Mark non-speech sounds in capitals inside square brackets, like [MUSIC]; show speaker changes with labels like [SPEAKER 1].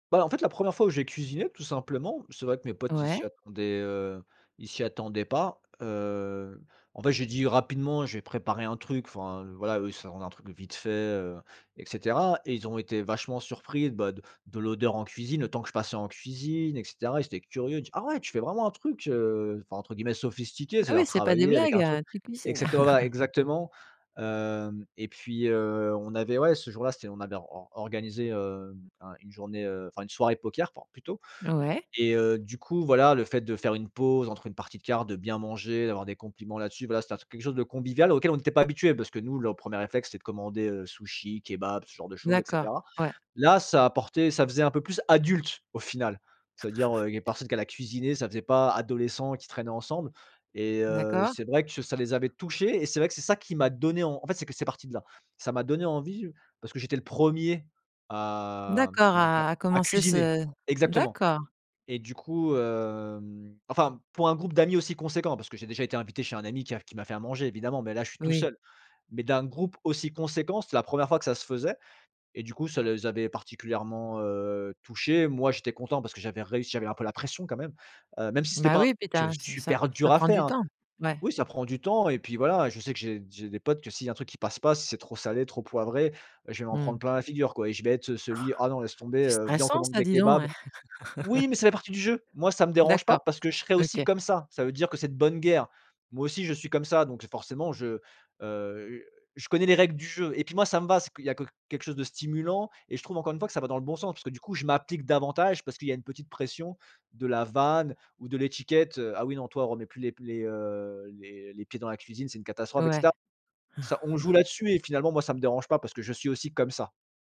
[SPEAKER 1] Voilà, en fait, la 1re fois où j'ai cuisiné, tout simplement. C'est vrai que mes potes, ils s'y
[SPEAKER 2] Ouais.
[SPEAKER 1] attendaient, heu, ils s'y attendaient pas. Heu, en fait, j'ai dit rapidement: «Je vais préparer un truc», enfin, voilà, eux, ils s'attendent à un truc de vite fait, heu, et cetera et ils ont été vachement surpris, bah, de de l'odeur en cuisine, le temps que je passais en cuisine et cetera. Ils étaient curieux, il dit: «Ah ouais! Tu fais vraiment un truc, heu, enfin, entre guillemets, sophistiqué,
[SPEAKER 2] Ah, oui,
[SPEAKER 1] c'est-à-dire,
[SPEAKER 2] c'est pas des
[SPEAKER 1] travaillé avec
[SPEAKER 2] blagues,
[SPEAKER 1] un
[SPEAKER 2] heu,
[SPEAKER 1] truc»
[SPEAKER 2] tu cuisines?
[SPEAKER 1] exactement voilà,
[SPEAKER 2] [CHUCKLES]
[SPEAKER 1] exactement. Hem, et puis, heu, on avait ouais, ce jour-là, c'était on avait or or organisé, hem, un une journée, heu, enfin, une soirée poker por plutôt
[SPEAKER 2] Ouais.
[SPEAKER 1] et heu, du coup, voilà, le fait de faire une pause entre une partie de cartes, de bien manger, d'avoir des compliments là-dessus, voilà. C'était un truc, quelque chose de convivial auquel on était pas habitués parce que, nous, le 1er réflexe, c'était de commander, heu, sushis, kebab, ce genre de choses et
[SPEAKER 2] D'accord,
[SPEAKER 1] cetera.
[SPEAKER 2] ouais.
[SPEAKER 1] Là, ça apportait, ça faisait un peu plus adulte, au final. Ça veut dire,
[SPEAKER 2] [CHUCKLES]
[SPEAKER 1] heu, il y a personne qu'elle a cuisiné, ça faisait pas adolescents qui traînaient ensemble et heu,
[SPEAKER 2] D'accord.
[SPEAKER 1] c'est vrai que ça les avait touchés et c'est vrai que c'est ça qui m'a donné, en en fait, c'est que c'est parti de là. Ça m'a donné envie parce que j'étais le 1er à, mmh,
[SPEAKER 2] D'accord,
[SPEAKER 1] comment dire?
[SPEAKER 2] à à
[SPEAKER 1] A
[SPEAKER 2] commencer
[SPEAKER 1] cuisiner!
[SPEAKER 2] ce
[SPEAKER 1] Exactement
[SPEAKER 2] d'accord.
[SPEAKER 1] et du coup, hem, enfin, pour un groupe d'amis aussi conséquent, parce que j'ai déjà été invité chez un ami qui a qui m'a fait à manger, évidemment, mais là, je suis tout
[SPEAKER 2] Oui.
[SPEAKER 1] seul, mais d'un groupe aussi conséquent, c'était la 1re fois que ça se faisait et du coup, ça les avait particulièrement, heu, touchés. Moi, j'étais content parce que j'avais réussi. J'avais un peu la pression, quand même. Heu, même si c'était
[SPEAKER 2] Bah,
[SPEAKER 1] pas un
[SPEAKER 2] oui puis tu
[SPEAKER 1] truc, heu,
[SPEAKER 2] as ce ça
[SPEAKER 1] super dur
[SPEAKER 2] ça
[SPEAKER 1] à
[SPEAKER 2] prend du
[SPEAKER 1] faire, hein
[SPEAKER 2] temps. Ouais.
[SPEAKER 1] oui, ça prend du temps et puis, voilà, je sais que j'ai j'ai des potes que, s'il y a un truc qui passe pas, si c'est trop salé, trop poivré, heu, je vais m'en prendre
[SPEAKER 2] Mmh.
[SPEAKER 1] plein la figure, quoi et je vais être, heu, celui: «Ah, non, laisse
[SPEAKER 2] [CHUCKLES]
[SPEAKER 1] tomber!
[SPEAKER 2] C'est
[SPEAKER 1] Heu, viens, on
[SPEAKER 2] stressant
[SPEAKER 1] commande
[SPEAKER 2] ça,
[SPEAKER 1] des
[SPEAKER 2] dis donc
[SPEAKER 1] kebabs».
[SPEAKER 2] eh!
[SPEAKER 1] Oui, mais
[SPEAKER 2] [LAUGHS]
[SPEAKER 1] c'est la partie du jeu! Moi, ça me dérange pas
[SPEAKER 2] D'accord.
[SPEAKER 1] parce que je serai aussi
[SPEAKER 2] OK.
[SPEAKER 1] comme ça. Ça veut dire que c'est de bonne guerre. Moi aussi, je suis comme ça donc j'ai forcément, je, heu, je connais les règles du jeu et puis, moi, ça me va. C'est qu'il y a que quelque chose de stimulant, et je trouve, encore une fois, que ça va dans le bon sens. Parce que, du coup, je m'applique davantage parce qu'il y a une petite pression, de la vanne ou de l'étiquette: «Heu, ah oui, non, toi, remets plus les p les, heu, les les pieds dans la cuisine, c'est une catastrophe» et
[SPEAKER 2] Ouais.
[SPEAKER 1] cetera. Ça, on joue là
[SPEAKER 2] [CHUCKLES]
[SPEAKER 1] dessus et finalement, moi, ça me dérange pas parce que je suis aussi comme ça.